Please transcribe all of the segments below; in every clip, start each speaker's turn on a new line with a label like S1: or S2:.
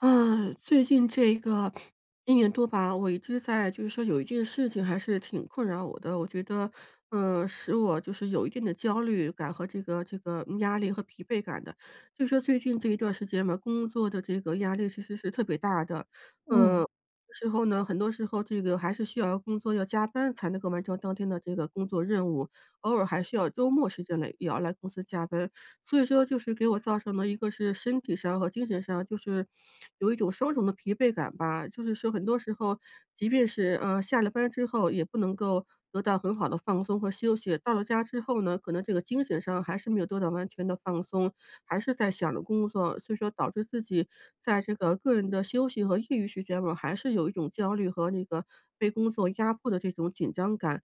S1: 嗯，最近这个 1年多吧，我一直在就是说有一件事情还是挺困扰我的，我觉得，嗯，使我就是有一定的焦虑感和这个这个压力和疲惫感的。就是说最近这一段时间嘛，工作的这个压力其实是特别大的。
S2: 嗯。
S1: 嗯，之后呢，很多时候这个还是需要工作，要加班才能够完成当天的这个工作任务，偶尔还需要周末时间来也要来公司加班。所以说就是给我造成了一个是身体上和精神上就是有一种双重的疲惫感吧，就是说很多时候即便是，呃，下了班之后也不能够得到很好的放松和休息。到了家之后呢，可能这个精神上还是没有做到完全地放松，还是在想着工作，所以说，导致自己在这个个人的休息和业余时间我还是有一种焦虑和那个被工作压迫的这种紧张感。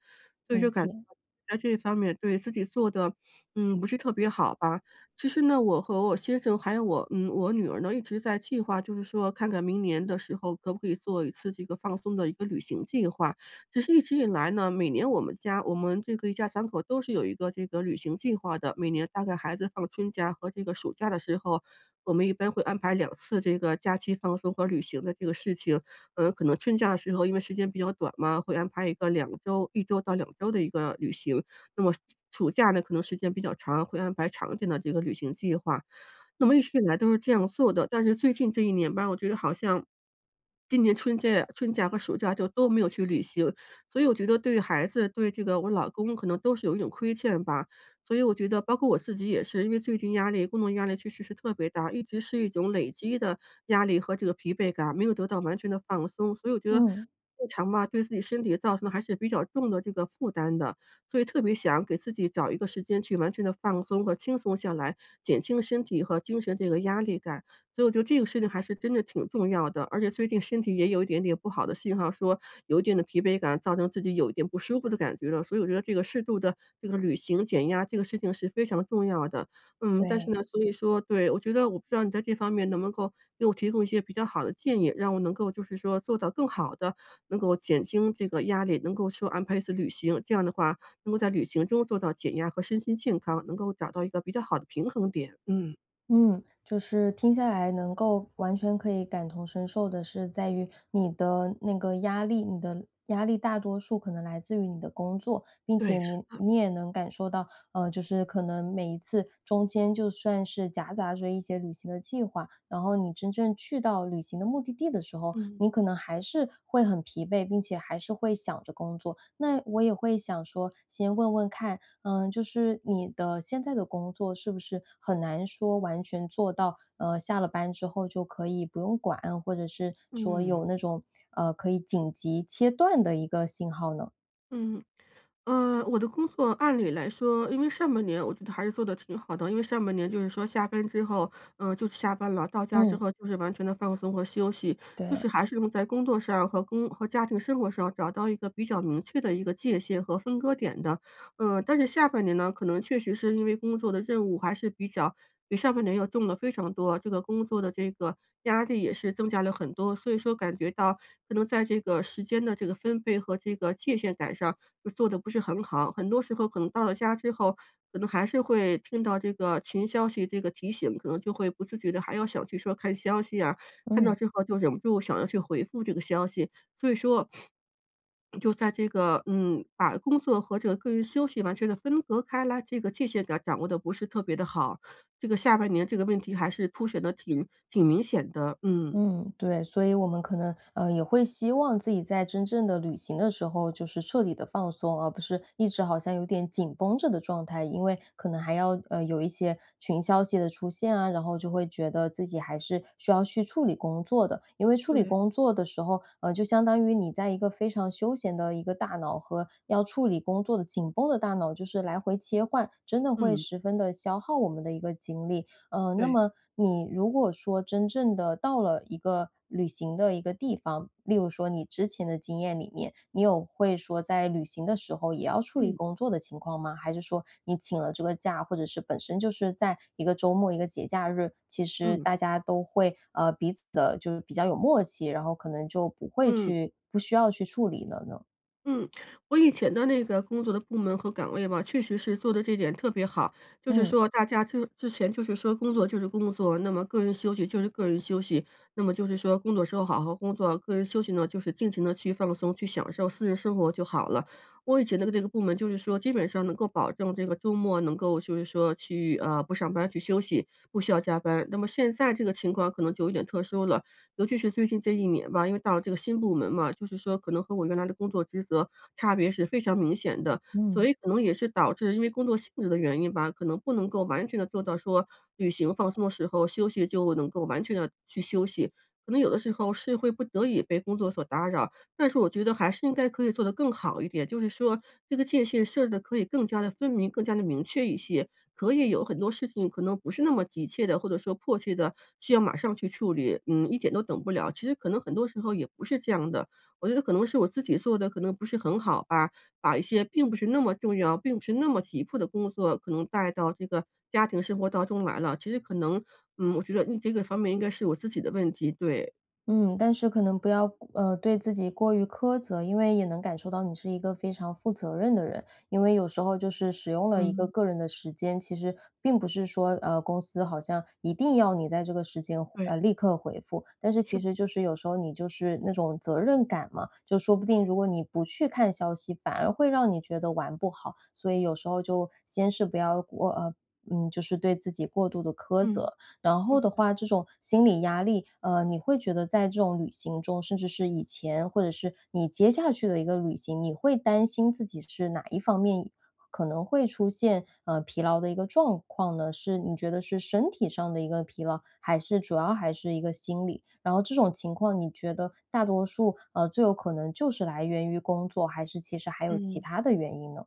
S1: 所以就
S2: 理
S1: 感
S2: 解。
S1: 在这一方面对，自己做的，嗯，不是特别好吧。其实呢，我和我先生还有我嗯，我女儿呢，一直在计划，就是说看看明年的时候可不可以做一次这个放松的一个旅行计划。其实一直以来呢，每年我们家我们这个一家三口都是有一个这个旅行计划的，每年大概孩子放春假和这个暑假的时候，我们一般会安排2次的这个假期放松和旅行的这个事情。呃，可能春假的时候，因为时间比较短嘛，会安排一个2周1周到2周的一个旅行。那么暑假呢，可能时间比较长，会安排长一点的这个旅行计划。那么一直以来都是这样做的，但是最近这1年吧，我觉得好像今年春假春假和暑假就都没有去旅行，所以我觉得对孩子、对这个我老公可能都是有一种亏欠吧，所以我觉得包括我自己也是，因为最近压力工作压力确实是特别大，一直是一种累积的压力和这个疲惫感，没有得到完全地放松。所以我觉得
S2: 嗯。
S1: 日常吧，对自己身体造成的还是比较重的这个负担的，所以特别想给自己找一个时间去完全地放松和轻松下来，减轻身体和精神这个压力感，所以我觉得这个事情还是真的挺重要的。而且最近身体也有一点点不好的信号，说有一定的疲惫感造成自己有一点不舒服的感觉了，所以我觉得这个适度的这个旅行、减压，这个事情是非常重要的。嗯，但是
S2: 对。
S1: 呢所以说对，我觉得我不知道你在这方面能不能够给我提供一些比较好的建议？让我能够就是说做到更好地能够减轻这个压力，能够说安排一次旅行。这样的话能够在旅行中做到减压和身心健康，能够找到一个比较好的平衡点，嗯。
S2: 嗯，就是听下来能够完全可以感同身受的是在于你的那个压力你的压力大多数可能来自于你的工作，并且
S1: 对，是
S2: 你
S1: 的。
S2: 你也能感受到，呃，就是可能每一次中间就算是夹杂着一些旅行的计划，然后你真正去到旅行的目的地的时候
S1: 嗯。
S2: 你可能还是会很疲惫，并且还是会想着工作。那我也会想说，先问问看，呃，就是你的现在的工作是不是很难说完全做到，呃，下了班之后就可以不用管，或者是说
S1: 嗯。
S2: 有那种，呃，可以紧急切断的一个信号呢？
S1: 嗯，呃，我的工作按理来说因为上半年我觉得还是做得挺好的，因为上半年就是说下班之后，呃，就下班了，到家之
S2: 嗯。
S1: 后就是完全地放松和休息。就
S2: 对。
S1: 是还是用在工作上和工和家庭生活上找到一个比较明确的一个界限和分割点的。嗯，但是下半年呢，可能确实是因为工作的任务还是比较比上半年要重得非常多，这个工作的这个压力也是增加了很多，所以说感觉到可能在这个时间的这个分配和这个界限感上就做得不是很好，很多时候可能到了家之后，可能还是会听到这个群消息这个提醒，可能就会不自觉地还要想去说看消息啊，看到
S2: 嗯。
S1: 之后就忍不住想要去回复这个消息。所以说，就在这个嗯，把工作和这个个人休息完全地分隔开来这个界限感掌握得不是特别的好，这个下半年这个问题还是凸显得挺挺明显的，嗯。
S2: 嗯，对，所以我们可能，呃，也会希望自己在真正的旅行的时候就是彻底地放松，而不是一直好像有点紧绷着的状态。因为可能还要呃，有一些群消息的出现啊，然后就会觉得自己还是需要去处理工作的。因为处理
S1: 对。
S2: 工作的时候，呃，就相当于你在一个非常休闲的一个大脑和要处理工作的紧绷的大脑就是来回切换，真的会
S1: 嗯。
S2: 十分的消耗我们的一个精力。呃，那
S1: 对。
S2: 么你如果说真正地到了一个旅行的一个地方，例如说你之前的经验里面，你有会说在旅行的时候也要处理
S1: 嗯。
S2: 工作的情况吗？还是说你请了这个假，或者是本身就是在一个周末、一个节假日，其实
S1: 嗯。
S2: 大家都会，呃，彼此的就是比较有默契，然后可能就不会
S1: 嗯。
S2: 去不需要去处理了呢？
S1: 嗯，我以前的那个工作的部门和岗位吧，确实是做得这点特别好，就是
S2: 嗯。
S1: 说大家就之前就是说工作就是工作，那么个人休息就是个人休息。那么就是说工作时候好好工作，个人休息呢，就是尽情地去放松，去享受私人生活就好了。我以前的那个部门就是说基本上能够保证这个周末能够就是说去，啊，不上班去休息，不需要加班。那么现在这个情况可能就有点特殊了，尤其是最近这一年吧，因为到了这个新部门嘛，就是说可能和我原来的工作职责差别是非常明显的。所
S2: 嗯。
S1: 以可能也是导致因为工作性质的原因吧，可能不能够完全地做到说旅行放松的时候，休息就能够完全地去休息，可能有的时候是会不得已被工作所打扰。但是我觉得还是应该可以做得更好一点，就是说这个界限设置得可以更加得分明，更加得明确一些，可以有很多事情可能不是那么急切地，或者说迫切地需要马上去处理，嗯，一点都等不了。其实可能很多时候也不是这样的，我觉得可能是我自己做得可能不是很好吧，把一些并不是那么重要，并不是那么急迫的工作可能带到这个家庭生活当中来了。其实可能，嗯，我觉得，嗯，这个方面应该是我自己的问题，对。
S2: 嗯，但是可能不要，呃，对自己过于苛责，因为也能感受到你是一个非常负责任的人，因为有时候就是使用了一个
S1: 嗯。
S2: 个人的时间，其实并不是说，呃，公司好像一定要你在这个时间，
S1: 对。
S2: 呃，立刻回复，但是其
S1: 是。
S2: 实就是有时候你就是那种责任感嘛，就说不定如果你不去看消息，反而会让你觉得玩不好，所以有时候就先是不要唔呃，嗯，就是对自己过度地苛
S1: 嗯，
S2: 责。然
S1: 好
S2: 后的
S1: 的。
S2: 话，这种心理压力呃，你会觉得在这种旅行中，甚至是以前或者是你接下去的一个旅行，你会担心自己是哪一方面可能会出现，呃，疲劳的一个状况呢？是你觉得是身体上的一个疲劳，还是主要还是一个心理？然后这种情况你觉得大多数呃，最有可能就是来源于工作，还是其实还有其
S1: 嗯。
S2: 它的原因呢？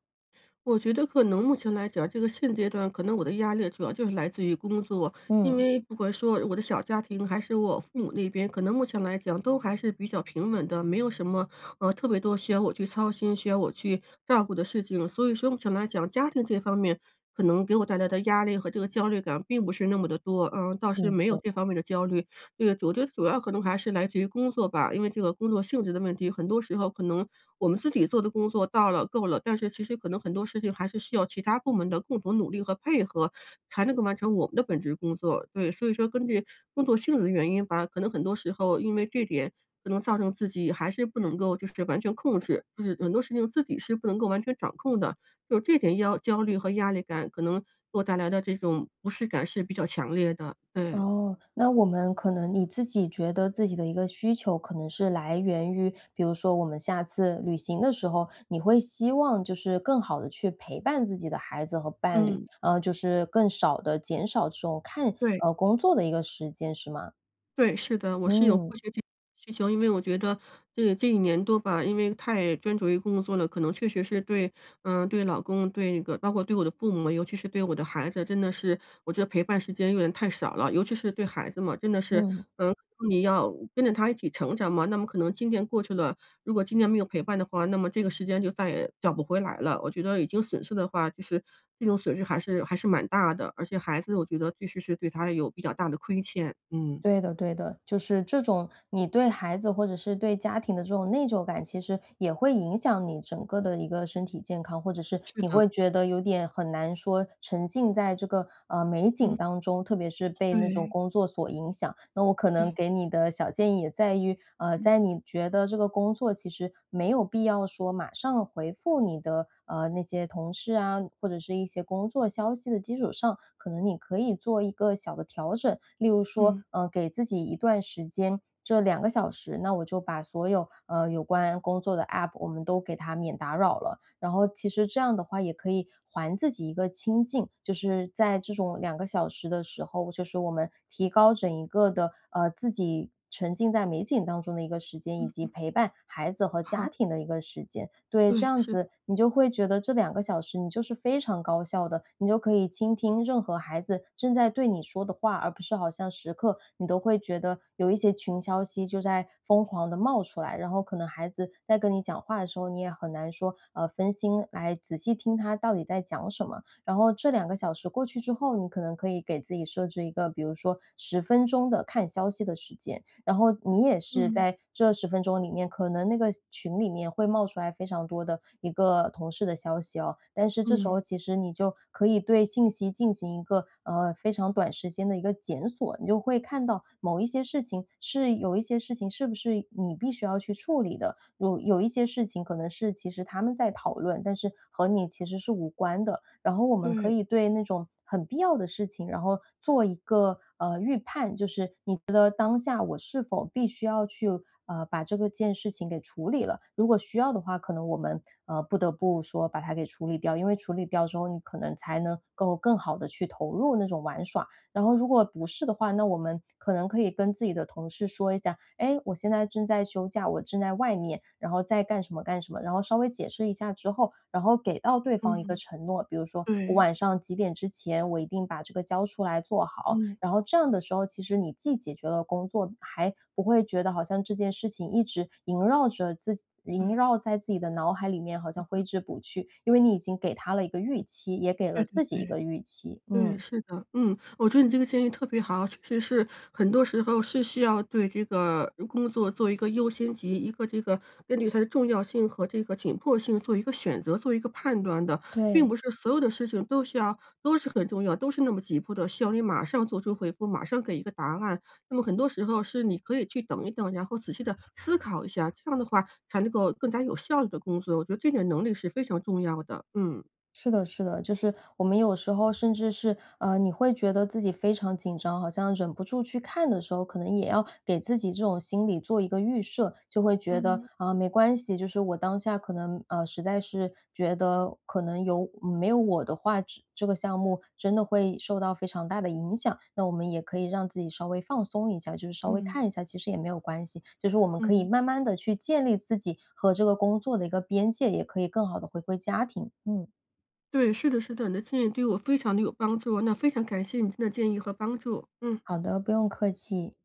S1: 我觉得可能目前来讲，这个现阶段可能我的压力主要就是来自于工作。因
S2: 嗯。
S1: 为不管说我的小家庭还是我父母那边，可能目前来讲都还是比较平稳的，没有什么，呃，特别多需要我去操心、需要我去照顾的事情。所以说目前来讲，家庭这方面可能给我带来的压力和这个焦虑感并不是那么的多，呃，倒是
S2: 理
S1: 没有
S2: 解。
S1: 这方面的焦虑。这个我觉得主要可能还是来自于工作吧，因为这个工作性质的问题，很多时候可能我们自己做的工作到了、够了，但是其实可能很多事情还是需要其它部门的共同努力和配合，才能够完成我们的本职工作，对。所以说根据工作性质的原因吧，可能很多时候，因为这点可能造成自己还是不能够就是完全控制，就是很多事情自己是不能够完全掌控的，就这点要焦虑和压力感，可能给我带来的这种不适感是比较强烈的，对。
S2: 哦，那我们可能你自己觉得自己的一个需求可能是来源于比如说我们下次旅行的时候，你会希望就是更好地去陪伴自己的孩子和伴侣，
S1: 嗯。
S2: 呃，就是更少的减少这种看
S1: 对。
S2: 呃，工作的一个时间，是吗？
S1: 对，是的，我是有
S2: 嗯。
S1: 需求，因为我觉得这这1年多吧，因为太专注于工作了，可能确实是对嗯，对老公，对那个包括对我的父母，尤其是对我的孩子，真的是我觉得陪伴时间有点太少了。尤其是对孩子嘛，真的是
S2: 嗯。
S1: 嗯，那你要跟着他一起成长嘛，那么可能今年过去了如果今年没有陪伴的话，那么这个时间就再也找不回来了，我觉得已经损失的话就是这种损失还是还是蛮大的，而且孩子我觉得必须是对他有比较大的亏欠，嗯。
S2: 对的对的，就是这种你对孩子或者是对家庭的这种内疚感，其实也会影响你整个的一个身体健康，或者是
S1: 是
S2: 你
S1: 的。
S2: 会觉得有点很难说沉浸在这个，呃，美景
S1: 嗯。
S2: 当中，特别是被那种
S1: 对。
S2: 工作所影响。那我可能
S1: 对。
S2: 给你的小建议也在于呃，
S1: 嗯。
S2: 在你觉得这个工作其实没有必要说马上回复你的，呃，那些同事啊，或者是一些工作消息的基础上，可能你可以做一个小的调整。例如说，
S1: 嗯。
S2: 嗯，给自己一段时间，这2个小时，那我就把所有，呃，有关工作的 APP，我们都给它免打扰了。然后其实这样的话也可以还自己一个清静。就是在这种2个小时的时候，就是我们提高整一个的呃，自己沉浸在美景当中的一个时间，以
S1: 嗯
S2: 及
S1: 嗯。
S2: 陪伴孩子和家
S1: 好。
S2: 庭的一个时间。对，这
S1: 对，
S2: 样
S1: 是。
S2: 子，你就会觉得这2个小时你就是非常高效的，你就可以倾听任何孩子正在对你说的话，而不是好像时刻你都会觉得有一些群消息就在疯狂地冒出来，然后可能孩子在跟你讲话的时候，你也很难说，呃，分心来仔细听他到底在讲什么。然后这2个小时过去之后，你可能可以给自己设置一个比如说10分钟的看消息的时间。然后你也是
S1: 嗯。
S2: 在这10分钟里面可能那个群里面会冒出来非常多的一个同事的消息哦，但是这时
S1: 嗯。
S2: 候其实你就可以对信息进行一个，呃，非常短的时间的一个检索，你就会看到某一些事情，是有一些事情是不是你必须要去处理的，有有一些事情可能是其实他们在讨论，但是和你其实是无关的。然后我们可
S1: 对。
S2: 以对那种很必要的事情，然后做一个，呃，预判，就是你觉得当下我是否必须要去，啊，把这个件事情给处理了。如果需要的话，可能我们，呃，不得不说把它给处理掉，因为处理掉之后，你可能才能够更好地去投入那种玩耍。然后如果不是的话，那我们可能可以跟自己的同事说一下：“诶，我现在正在休假，我正在外面。”然后在干什么干什么，然后稍微解释一下之后，然后给到对方一个
S1: 嗯，
S2: 承诺，比如说，我
S1: 对。
S2: 晚上几点之前我一定把这个交出来，做好。
S1: 嗯。
S2: 然后这样的时候，其实你既解决了工作，还不会觉得好像这件事情一直萦绕着自己，萦
S1: 对。
S2: 绕在自己的脑海里面，好像
S1: 嗯，
S2: 挥
S1: 嗯。
S2: 之不去，因为你已经给他了一个预期，也给
S1: 对
S2: 了
S1: 对
S2: 自己一
S1: 对，
S2: 个预期。
S1: 对，
S2: 嗯。
S1: 是的，嗯，我觉得你这个建议特别好。确实是，很多时候是需要对这个如工作做一个优先级，一个这个根据它的重要性和这个紧迫性做一个选择，做一个判断的。并
S2: 对。
S1: 不是所有的事情都需要都是很重要，都是那么急迫的，需要你马上做出回复，马上给一个答案。那么很多时候是你可以去等一等，然后仔细地思考一下，这样的话才能够更加有效率地工作，我觉得这点能力是非常重要的，嗯。
S2: 是的是的，就是我们有时候甚至是呃，你会觉得自己非常紧张，好像忍不住去看的时候，可能也要给自己这种心理做一个预设，就会觉得，
S1: 嗯。
S2: 啊，没关系，就是我当下可能呃，实在是觉得可能有嗯，没有我的话，这这个项目真的会受到非常大的影响，那我们也可以让自己稍微放松一下，就是稍微
S1: 嗯。
S2: 看一下，其实也没有关系。就是我们可以
S1: 嗯。
S2: 慢慢地去建立自己和这个工作的一个边界，也可以更好地回归家庭，嗯。
S1: 对，是的是的，你的建议对我非常的有帮助，那非常感谢你今天的建议和帮助，嗯。
S2: 好的，不用客气。